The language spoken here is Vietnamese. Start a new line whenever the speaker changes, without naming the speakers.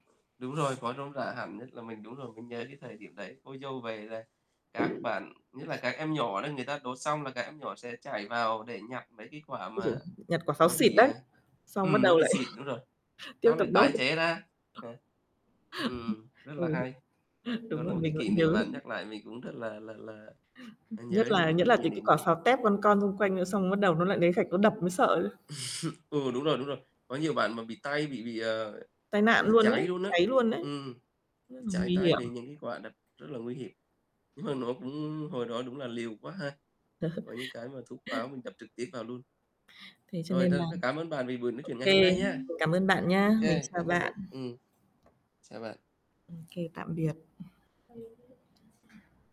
Đúng rồi, nó rôm rả hẳn, nhất là mình đúng rồi, vẫn nhớ cái thời điểm đấy. Cô dâu về là các bạn, nhất là các em nhỏ đó, người ta đốt xong là các em nhỏ sẽ chảy vào để nhặt mấy cái quả
Ối giời!
mà
Nhặt quả sáo
nó
xịt
bị,
đấy,
à
xong bắt
ừm, nó
đầu
bị
lại
xịt, đúng rồi,
tiếp
xong lại
tục đốt.
tái chế ra. Ừ. Ừm, rất là
Ừ.
hay. Đó
Đúng
là
rồi,
một cái
mình vẫn
kỷ niệm
nhớ.
mà nhắc lại mình cũng rất là là là, à, nhớ
Nhất
đến
là
những
nhất
cái
là
kỷ
từ cái
niệm
quả
đấy.
pháo tép con con xung quanh nữa xong bắt đầu nó lại lấy gạch nó đập mới sợ chứ.
Ừ, đúng rồi, đúng rồi. Có nhiều bạn mà bị tay bị bị, ờ,
Tai nạn
bị
luôn
cháy
ấy,
luôn á.
cháy luôn ấy.
Ừm.
Rất
Ừ,
là
cháy
nguy
tay
hiểm.
vì những cái quả đặt rất là nguy hiểm, nhưng mà nó cũng hồi đó đúng là liều quá ha, có những cái mà thuốc pháo mình đập trực tiếp vào luôn.
Thế cho
Rồi
nên là
thôi, rất cám ơn bạn vì buổi nói
ô
chuyện ngày
kê.
hôm nay nhá.
Mình cảm ơn bạn nhá,
Ô
mình
kê,
chào
cảm ơn
bạn.
bạn. Ừm. Chào bạn.
Ô kê, tạm biệt.